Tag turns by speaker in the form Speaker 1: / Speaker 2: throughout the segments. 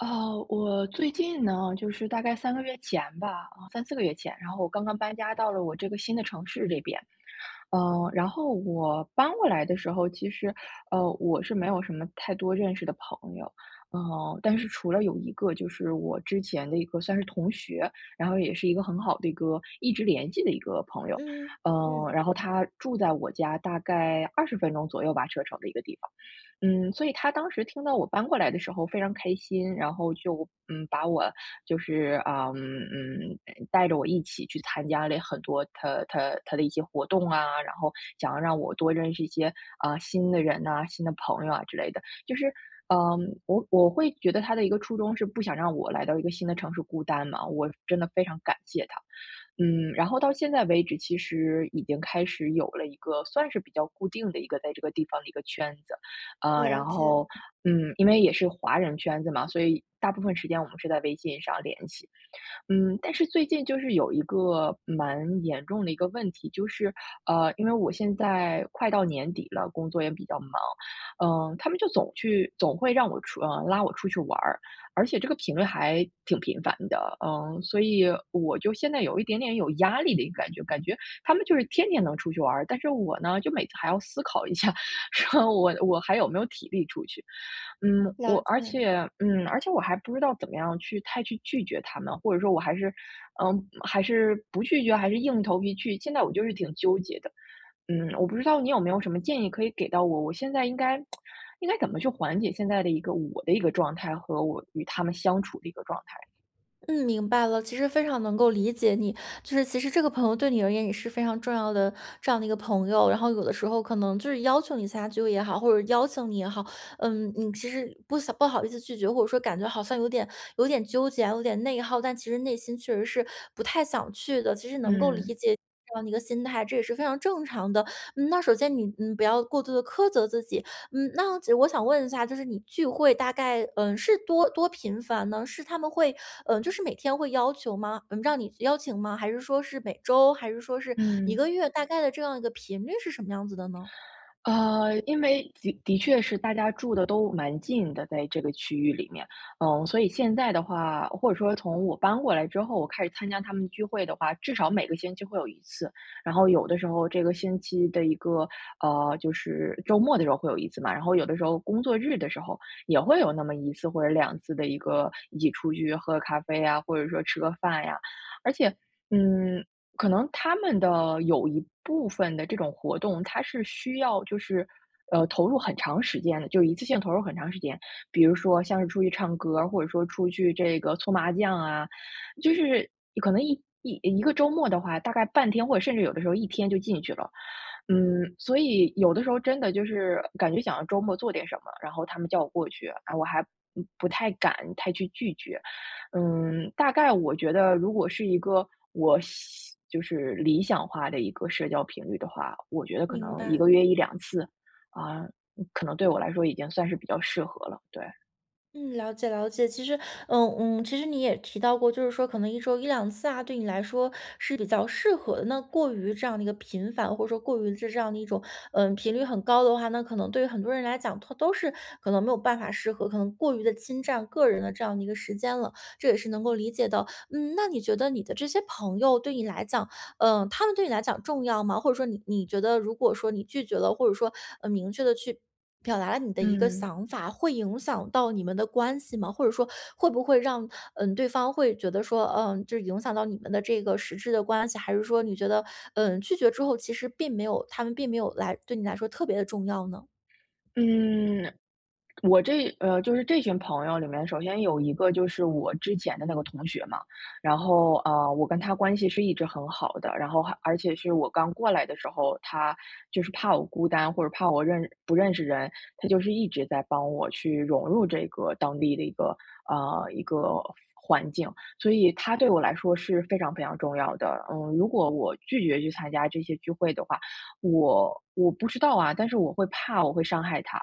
Speaker 1: 呃，我最近呢，就是大概3个月前吧，啊，34个月前，然后我刚刚搬家到了我这个新的城市里边。呃，然后我搬过来的时候，其实，呃，我是没有什么太多认识的朋友，呃，但是除了有一个就是我之前的一个算是同学，然后也是一个很好的一个一直联系的一个朋友。
Speaker 2: 嗯。
Speaker 1: 呃，
Speaker 2: 嗯。
Speaker 1: 然后他住在我家大概20分钟左右吧，车程的一个地方。嗯，所以他当时听到我搬过来的时候非常开心，然后就，嗯，把我就是，啊，嗯，嗯带着我一起去参加了很多他他他的一些活动啊，然后想要让我多认识一些，啊，新的人呐、新的朋友啊之类的。就是，嗯，我我会觉得他的一个初衷是不想让我来到一个新的城市孤单嘛，我真的非常感谢他。嗯，然后到现在为止，其实已经开始有了一个算是比较固定的一个在这个地方的一个圈子，啊，然
Speaker 2: 了解。
Speaker 1: 后，嗯，因为也是华人圈子嘛，所以大部分时间我们是在微信上联系。嗯，但是最近就是有一个蛮严重的一个问题，就是，呃，因为我现在快到年底了，工作也比较忙，嗯，他们就总去总会让我出呃，拉我出去玩儿，而且这个频率还挺频繁的，嗯，所以我就现在有一点点有压力的一个感觉，感觉他们就是天天能出去玩儿。但是我呢，就每次还要思考一下说：“我我还有没有体力出去。”嗯，
Speaker 2: 了
Speaker 1: 我，而
Speaker 2: 解。
Speaker 1: 且嗯，而且我还不知道怎么样去太去拒绝他们，或者说我还是，呃，还是不拒绝，还是硬着头皮去？现在我就是挺纠结的，嗯，我不知道你有没有什么建议可以给到我，我现在应该 应该怎么去缓解现在的一个我的一个状态和我与他们相处的一个状态。
Speaker 2: 嗯，明白了，其实非常能够理解你。就是其实这个朋友对你而言也是非常重要的这样的一个朋友，然后有的时候可能就是要求你参加聚会也好，或者邀请你也好，嗯，你其实不想不好意思拒绝，或者说感觉好像有点有点纠结啊、有点内耗，但其实内心确实是不太想去的，其实能够理
Speaker 1: 嗯。
Speaker 2: 解你这样的一个心态，这也是非常正常的。嗯，那首先你，嗯，不要过度地苛责自己，嗯，那我只我想问一下，就是你聚会大概，嗯，是多多频繁呢？是他们会，嗯，就是每天会要求吗？嗯，让你邀请吗？还是说是每周，还是说是一
Speaker 1: 嗯。
Speaker 2: 个月，大概的这样一个频率是什么样子的呢？
Speaker 1: 呃，因为的的确是大家住得都蛮近的，在这个区域里面，嗯，所以现在的话，或者说从我搬过来之后，我开始参加他们聚会的话，至少每个星期会有1次。然后有的时候这个星期的一个，呃，就是周末的时候会有1次嘛，然后有的时候工作日的时候也会有那么1次或者2次的一个一起出去喝个咖啡呀，或者说吃个饭呀。而且，嗯，可能他们的有一部分的这种活动，它是需要就是，呃，投入很长时间的，就一次性投入很长时间，比如说像是出去唱歌儿，或者说出去这个搓麻将啊，就是可能一一一个周末的话，大概半天或者甚至有的时候一天就进去了。嗯，所以有的时候真的就是感觉想要周末做点什么，然后他们叫我过去，唉，我还不太敢太去拒绝。嗯，大概我觉得如果是一个我想就是理想化的一个社交频率的话，我觉得可
Speaker 2: 明
Speaker 1: 能1
Speaker 2: 白。
Speaker 1: 个月1-2次，啊，可能对我来说已经算是比较适合了，对。
Speaker 2: 嗯，了解了解。其实嗯嗯，其实你也提到过，就是说可能一周1-2次啊对你来说是比较适合，那过于这样的一个频繁，或者说过于这这样的一种，呃频率很高的话，那可能对于很多人来讲，他都是可能没有办法适合，可能过于地侵占个人的这样的一个时间了，这也是能够理解的。嗯，那你觉得你的这些朋友对你来讲，呃，他们对你来讲重要吗？或者说你你觉得如果说你拒绝了，或者说，嗯，明确地去表达了你的一个
Speaker 1: 嗯。
Speaker 2: 想法，会影响到你们的关系吗？或者说，会不会让嗯，对方会觉得说，呃这影响到你们的这个实质的关系，还是说你觉得，呃，拒绝之后其实并没有他们并没有来对你来说特别地重要呢？
Speaker 1: 嗯，我这呃，就是这群朋友里面，首先有一个就是我之前的那个同学嘛。然后，呃，我跟他关系是一直很好的，然后还而且是我刚过来的时候，他就是怕我孤单，或者怕我认不认识人，他就是一直在帮我去融入这个当地的一个，呃，一个环境，所以他对我来说是非常非常重要的，嗯。如果我拒绝去参加这些聚会的话，我我不知道啊，但是我会怕我会伤害他。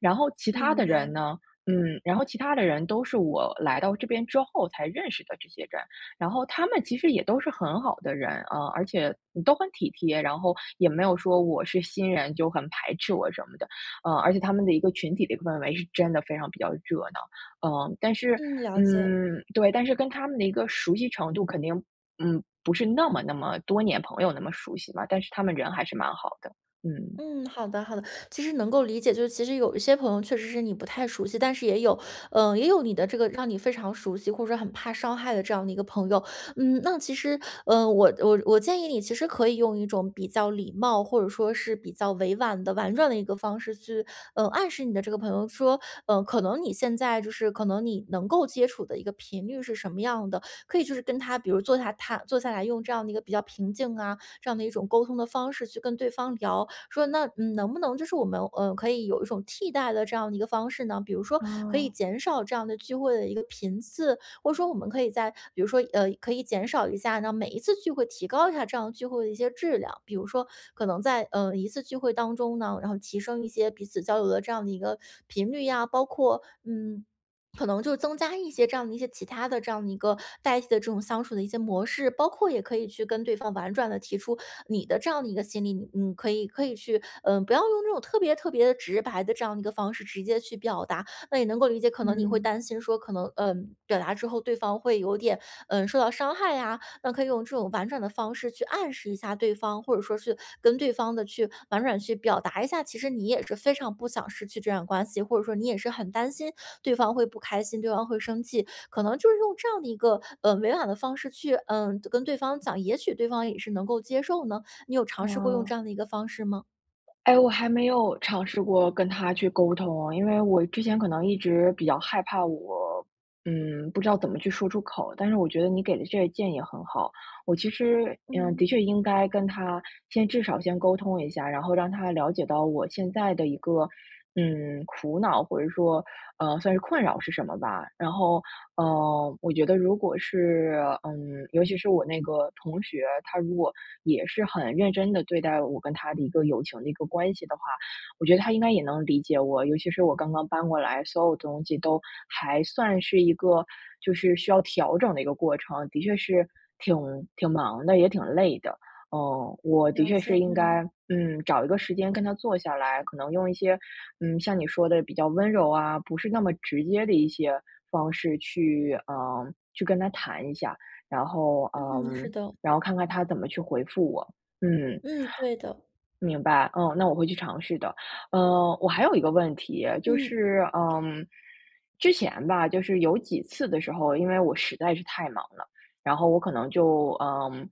Speaker 1: 然后其他
Speaker 2: 明
Speaker 1: 的人
Speaker 2: 白。
Speaker 1: 呢，嗯然后其他的人都是我来到这边之后才认识的这些人，然后他们其实也都是很好的人，呃，而且都很体贴，然后也没有说我是新人，就很排斥我什么的，嗯。而且他们的一个群体的氛围是真的非常比较热闹。嗯但是
Speaker 2: 嗯，了解。
Speaker 1: 嗯，对但是跟他们的一个熟悉程度肯定嗯，不是那么那么多年朋友那么熟悉吧，但是他们人还是蛮好的，嗯。
Speaker 2: 嗯，好的好的，其实能够理解。就是其实有一些朋友确实是你不太熟悉，但是也有，呃也有你的这个让你非常熟悉或者说很怕伤害的这样的一个朋友，嗯，那其实，呃，我我我建议你其实可以用一种比较礼貌，或者说是比较委婉的、婉转的一个方式去，呃，暗示你的这个朋友说：呃，可能你现在就是可能你能够接触的一个频率是什么样的。可以就是跟他比如坐下他坐下来用这样的一个比较平静啊，这样的一种沟通的方式去跟对方聊，说：“那，嗯，能不能就是我们，呃，可以有一种替代的这样的一个方式呢？比如说可以
Speaker 1: 哦。
Speaker 2: 减少这样的聚会的一个频次？或者说我们可以在比如说，呃，可以减少一下那每一次聚会提高一下这样聚会的一些质量。”比如说可能在，呃，一次聚会当中呢，然后提升一些彼此交流的这样的一个频率呀，包括嗯，可能就增加一些这样的一些其它的这样的一个代替的这种相处的一些模式，包括也可以去跟对方婉转地提出你的这样的一个心理，你可以可以去，呃不要用这种特别特别直白的这样的一个方式直接去表达。那也能够理解，可能你会
Speaker 1: 嗯。
Speaker 2: 担心说，可能，呃，表达之后对方会有点，呃受到伤害啊，那可以用这种婉转的方式去暗示一下对方，或者说是跟对方的去婉转去表达一下，其实你也是非常不想失去这段关系，或者说你也是很担心对方会不开心，对方会生气。可能就是用这样的一个，呃，委婉的方式去，呃跟对方讲，也许对方也是能够接受呢？你有尝试过用这
Speaker 1: 哦。
Speaker 2: 样的一个方式吗？
Speaker 1: 哎，我还没有尝试过跟他去沟通，因为我之前可能一直比较害怕我，嗯，不知道怎么去说出口，但是我觉得你给的这个建议很好。我其实嗯，的
Speaker 2: 嗯。
Speaker 1: 确应该跟他先至少先沟通一下，然后让他了解到我现在的一个，嗯，苦恼，或者说，呃算是困扰是什么吧。然后，呃我觉得如果是嗯，尤其是我那个同学，他如果也是很认真地对待我跟他的一个友情的一个关系的话，我觉得他应该也能理解我。尤其是我刚刚搬过来，所有东西都还算是一个就是需要调整的一个过程，的确是挺挺忙的，也挺累的。呃，我的
Speaker 2: 了
Speaker 1: 确
Speaker 2: 解，
Speaker 1: 是应该
Speaker 2: 嗯。
Speaker 1: 嗯，找一个时间跟他坐下来，可能用一些嗯，像你说的，比较温柔啊，不是那么直接的一些方式去，呃去跟他谈一下。然后呃，
Speaker 2: 嗯，是的。
Speaker 1: 然后看看他怎么去回复我，嗯。
Speaker 2: 嗯，对的。
Speaker 1: 明白，嗯，那我会去尝试的。呃，我还有一个问题，就
Speaker 2: 嗯。
Speaker 1: 是，嗯之前吧，就是有几次的时候，因为我实在是太忙了，然后我可能就，嗯，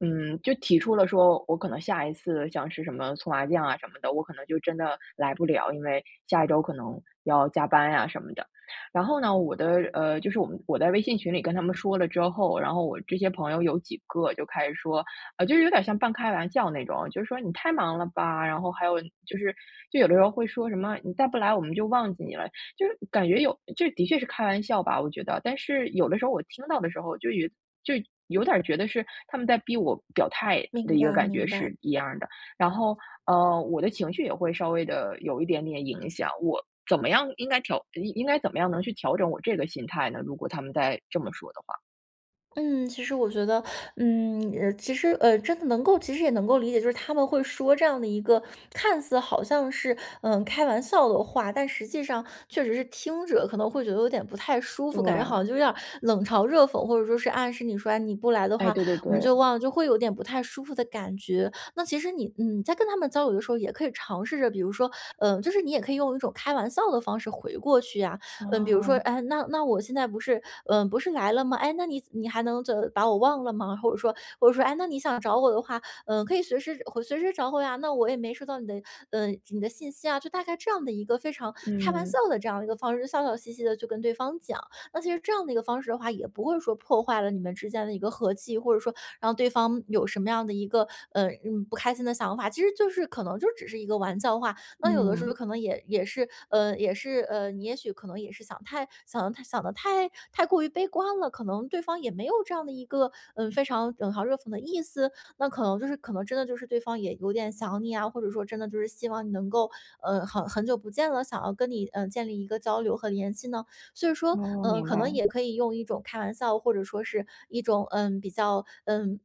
Speaker 1: 嗯，就提出了说，我可能下一次像是什么搓麻将啊什么的，我可能就真的来不了，因为下一周可能要加班呀什么的。然后呢，我的，呃就是我们我在微信群里跟他们说了之后，然后我这些朋友有几个就开始说呃，就是有点儿像半开玩笑那种，就说：“你太忙了吧？“然后还有就是就有的时候会说什么，“你再不来，我们就忘记你了。“就是感觉有这的确是开玩笑吧，我觉得，但是有的时候我听到的时候，就有就有点儿觉得是他们在逼我表态的
Speaker 2: 明
Speaker 1: 一个
Speaker 2: 白
Speaker 1: 感觉
Speaker 2: 明白。
Speaker 1: 是一样儿的。然后，呃，我的情绪也会稍微地有一点点影响，我怎么样应该调应该怎么样能去调整我这个心态呢？如果他们再这么说的话。
Speaker 2: 嗯，其实我觉得，嗯呃，其实，呃，真的能够其实也能够理解，就是他们会说这样的一个看似好像是，嗯，开玩笑的话，但实际上确实是听着可能会觉得有点不太舒服，感觉好
Speaker 1: 对。
Speaker 2: 像就有点儿冷嘲热讽，或者说是暗示你说：“哎，你不来的
Speaker 1: 哎，
Speaker 2: 话，
Speaker 1: 对对
Speaker 2: 我们就
Speaker 1: 对。
Speaker 2: 忘了。”就会有点不太舒服的感觉。那其实你，嗯，你在跟他们交流的时候也可以尝试着，比如说，呃，就是你也可以用一种开玩笑的方式回过去呀。嗯，比如说：
Speaker 1: 哦。
Speaker 2: “哎，那那我现在不是，嗯，不是来了吗？哎，那你你还能怎把我忘了吗？“或者说或者说：”哎，那你想找我的话，嗯，可以随时会随时找我呀，那我也没收到你的，嗯，你的信息啊。“就大概这样的一个非常开玩笑
Speaker 1: 嗯。
Speaker 2: 的这样的一个方式，笑笑嘻嘻地去跟对方讲。那其实这样的一个方式的话，也不会说破坏了你们之间的一个和气，或者说让对方有什么样的一个，呃，嗯，不开心的想法，其实就是可能就只是一个玩笑话。那有的时候
Speaker 1: 嗯。
Speaker 2: 可能也也是，呃，也是，呃，你也许可能也是想太想得太想得太太过于悲观了，可能对方也没有这样的一个，嗯，非常冷嘲热讽的意思，那可能就是可能真的就是对方也有点想你啊，或者说真的就是希望你能够，呃，很很久不见了，想要跟你，嗯，建立一个交流和联系呢？所以说，
Speaker 1: 哦，
Speaker 2: 嗯，
Speaker 1: 明
Speaker 2: 可能
Speaker 1: 白。
Speaker 2: 也可以用一种开玩笑，或者说是一种，嗯，比较，嗯，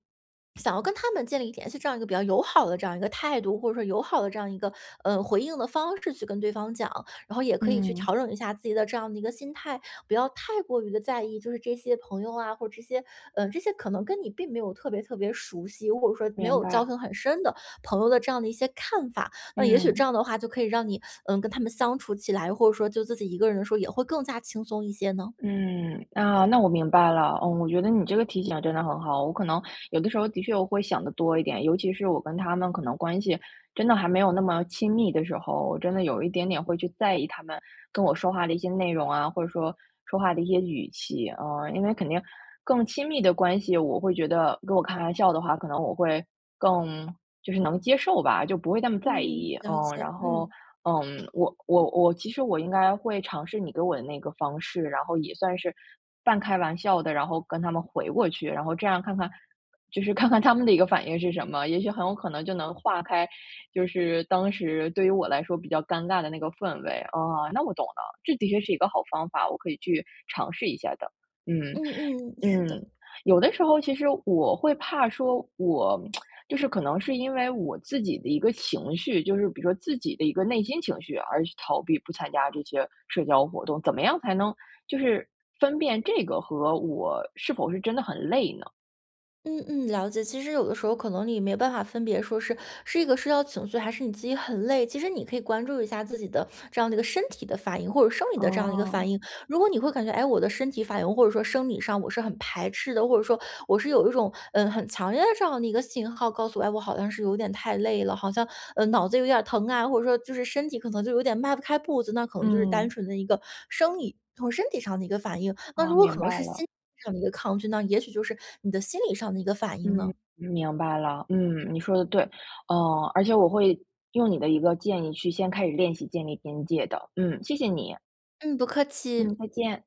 Speaker 2: 想要跟他们建立联系这样一个比较友好的这样一个态度，或者说友好的这样一个，嗯，回应的方式去跟对方讲。然后也可以去
Speaker 1: 嗯。
Speaker 2: 调整一下自己的这样的一个心态，不要太过于地在意，就是这些朋友啊，或者这些，嗯，这些可能跟你并没有特别特别熟悉，如果说没
Speaker 1: 明
Speaker 2: 有交
Speaker 1: 白。
Speaker 2: 情很深的朋友的这样的一些看法。那也许这
Speaker 1: 嗯。
Speaker 2: 样的话就可以让你，嗯，跟他们相处起来，或者说就自己一个人的时候也会更加轻松一些呢？
Speaker 1: 嗯，那那我明白了。嗯，我觉得你这个提醒真的很好，我可能有的时候的确我会想得多一点。尤其是我跟他们可能关系真的还没有那么亲密的时候，我真的有一点点会去在意他们跟我说话的一些内容啊，或者说，说话的一些语气。呃，因为肯定更亲密的关系，我会觉得跟我开玩笑的话，可能我会更就是能接受吧，就不会那么在
Speaker 2: 嗯，
Speaker 1: 意，
Speaker 2: 了
Speaker 1: 嗯。
Speaker 2: 解，
Speaker 1: 然后，
Speaker 2: 嗯。
Speaker 1: 嗯，我我我其实我应该会尝试你给我的那个方式，然后也算是半开玩笑的，然后跟他们回过去，然后这样看看就是看看他们的一个反应是什么。也许很有可能就能化开，就是当时对于我来说比较尴尬的那个氛围。哦，那我懂了，这的确是一个好方法，我可以去尝试一下的。嗯，
Speaker 2: 嗯嗯。是
Speaker 1: 嗯，
Speaker 2: 的。
Speaker 1: 有的时候其实我会怕说，我 就是可能是因为我自己的一个情绪，就是比如说自己的一个内心情绪而去逃避不参加这些社交活动，怎么样才能就是分辨这个和我是否是真的很累呢？
Speaker 2: 嗯嗯，了解。其实有的时候可能你没办法分别说是是一个社交情绪，还是你自己很累，其实你可以关注一下自己的这样的一个身体的反应，或者生理的这样一个
Speaker 1: 哦。
Speaker 2: 反应。如果你会感觉：“哎，我的身体反应或者说生理上我是很排斥的。”或者说我是有一种，嗯，很强烈的这样一个信号告诉我：“哎，我好像是有点太累了，好像，嗯，脑子有点疼啊。”或者说就是身体可能就有点迈不开步子，那可能就是单
Speaker 1: 嗯。
Speaker 2: 纯的一个生理从身体上的一个反应。那
Speaker 1: 哦，
Speaker 2: 如果可
Speaker 1: 明
Speaker 2: 能
Speaker 1: 白
Speaker 2: 是心
Speaker 1: 了。
Speaker 2: 理上的一个抗拒，那也许就是你的心理上的一个反应
Speaker 1: 嗯，
Speaker 2: 呢。
Speaker 1: 明白了。嗯，你说的对。嗯，而且我会，用你的一个建议去先开始练习建立边界的，嗯，谢谢你。
Speaker 2: 嗯，不客
Speaker 1: 嗯，
Speaker 2: 气。
Speaker 1: 再见。